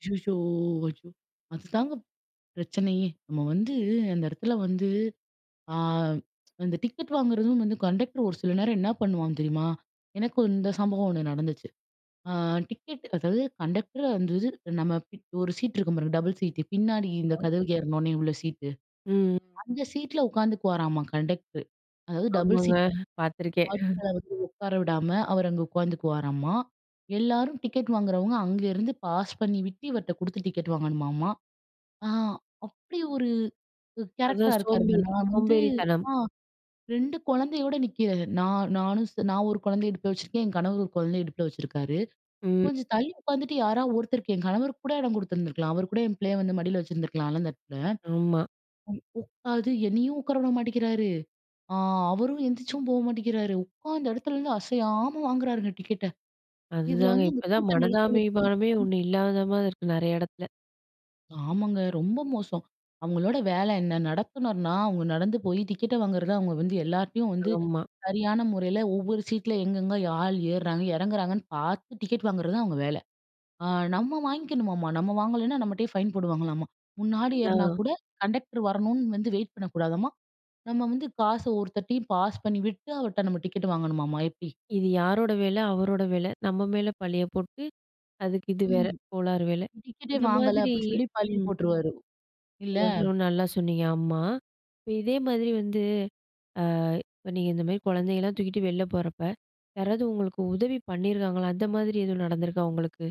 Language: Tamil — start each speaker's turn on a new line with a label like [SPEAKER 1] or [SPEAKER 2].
[SPEAKER 1] ஐயயோ! ஐயோ! அதுதாங்க பிரச்சனையே. நம்ம வந்து அந்த இடத்துல வந்து, ஆ. அந்த டிக்கெட் வாங்குறதும் வந்து கண்டெக்டர் ஒரு சில நேரம் என்ன பண்ணுவான் தெரியுமா? எனக்கு இந்த சம்பவம் ஒன்னு நடந்துச்சு. ஆ டிக்கெட் அதாவது கண்டெக்டர் வந்து இது நம்ம ஒரு சீட் இருக்கும் பாருங்க. டபுள் சீட்டு பின்னாடி இந்த
[SPEAKER 2] [unintelligible]
[SPEAKER 1] கதவுக்கு ஏறுன உன்னே உள்ள சீட்டு.
[SPEAKER 2] ம்.
[SPEAKER 1] அந்த சீட்ல உட்கார்ந்துக்குவாராமா கண்டக்ட்ரு. அதாவது டபுள்
[SPEAKER 2] ஆமாங்க
[SPEAKER 1] சீட்ல.
[SPEAKER 2] பார்த்துருக்கேன். அ.
[SPEAKER 1] [unintelligible] வந்து உட்கார விடாம அவர் அங்க உட்காந்துக்குவாராமா. எல்லாரும் டிக்கெட் வாங்குறவங்க, அங்கேருந்து பாஸ் பண்ணி விட்டு இவர்ட்ட குடுத்து டிக்கெட் வாங்கணுமாமா. ஆ. அப்படி ஒரு கேரக்டரா
[SPEAKER 2] அதுதான்
[SPEAKER 1] இருக்காருங்க.
[SPEAKER 2] சோம்பேறி,
[SPEAKER 1] நான் வந்து.
[SPEAKER 2] சோம்பேறித்தனம்.
[SPEAKER 1] ஆ 2 குழந்தையோட நிக்கிறேன். நான் நானும், நான் ஒரு குழந்தை இடுப்புல வச்சுருக்கேன். என் கணவர் ஒரு குழந்தைய இடுப்புல வச்சுருக்காரு.
[SPEAKER 2] ம்.
[SPEAKER 1] கொஞ்சம் தள்ளி உட்காந்துட்டு யாரா ஒருத்தருக்கு என் கணவருக்கு கூட இடம் குடுத்துருந்துருக்கலாம். அவர் கூட என் பிள்ளைய வந்து மடியில வச்சுருந்துருக்கலாம்ல அந்த இடத்துல.
[SPEAKER 2] ஆமா.
[SPEAKER 1] [unintelligible] அது என்னையும் உட்கார விட மாட்டேக்கிறாரு. அ அவரும் எந்திச்சும் போ மாட்டேங்கிறாரு. உட்காந்த இடத்துலருந்து அசையாம வாங்குறாருங்க டிக்கெட்ட. இதுல
[SPEAKER 2] அதுதாங்க,
[SPEAKER 1] வந்து அந்த
[SPEAKER 2] இப்பதான்
[SPEAKER 1] கூட்டம் நெரிசல்
[SPEAKER 2] மனிதாமிபானமே
[SPEAKER 1] [unintelligible]
[SPEAKER 2] ஒண்ணு இல்லாத மாரி இருக்கு, நிறைய இடத்துல.
[SPEAKER 1] ஆமாங்க ரொம்ப மோசம். அவங்களோட வேலை என்ன, நடத்துநர்னா அவங்க நடந்து போய் டிக்கெட்ட வாங்கறத அவங்க வந்து எல்லார்கிட்டயும் வந்து
[SPEAKER 2] ஆமா.
[SPEAKER 1] சரியான முறையில ஒவ்வொரு சீட்ல எங்கெங்கே ஆள் ஏர்றாங்க, இறங்குறாங்கன்னு பார்த்து டிக்கெட் வாங்குறது தான் அவங்க வேலை. ஆ நம்ம வாங்கிக்கணுமாமா. நம்ம வாங்கலனா நம்மட்டயே ஃபைன் போடுவாங்களாம்மா. முன்னாடி ஏற்னா
[SPEAKER 2] அதான்.
[SPEAKER 1] கூட கண்டெக்டர் வரணுனு வந்து வெயிட் பண்ணக்கூடாதாம்மா. நம்ம வந்து காச ஒருத்தர்டயும் பாஸ் பண்ணி விட்டு அவர்கிட்ட நம்ம டிக்கெட் வாங்கணுமாமா எப்படி.
[SPEAKER 2] இது யாரோடய வேல அவரோட வேல. நம்ம மேல பழிய போட்டு அதுக்கு இது வேற.
[SPEAKER 1] ம்.
[SPEAKER 2] கோளாறு வேல.
[SPEAKER 1] டிக்கெட்டே
[SPEAKER 2] இந்த
[SPEAKER 1] வாங்கல
[SPEAKER 2] மாதிரி
[SPEAKER 1] அப்படின்னு சொல்லி பழிய
[SPEAKER 2] ம்.
[SPEAKER 1] போட்ருவாரு. இல்ல.
[SPEAKER 2] [unintelligible] நல்லா சொன்னீங்க. ஆம்மா. இப்போ இதே மாதிரி வந்து. ஆ. இப்ப நீங்க இந்த மாதிரி குழந்தைங்களலாம் தூக்கிட்டு வெள்ல போறப்போ, யாராவது உங்களுக்கு உதவி பண்ணியிருக்காங்களா? அந்த மாதிரி எதுவும் நடந்துருக்கா உங்களுக்கு?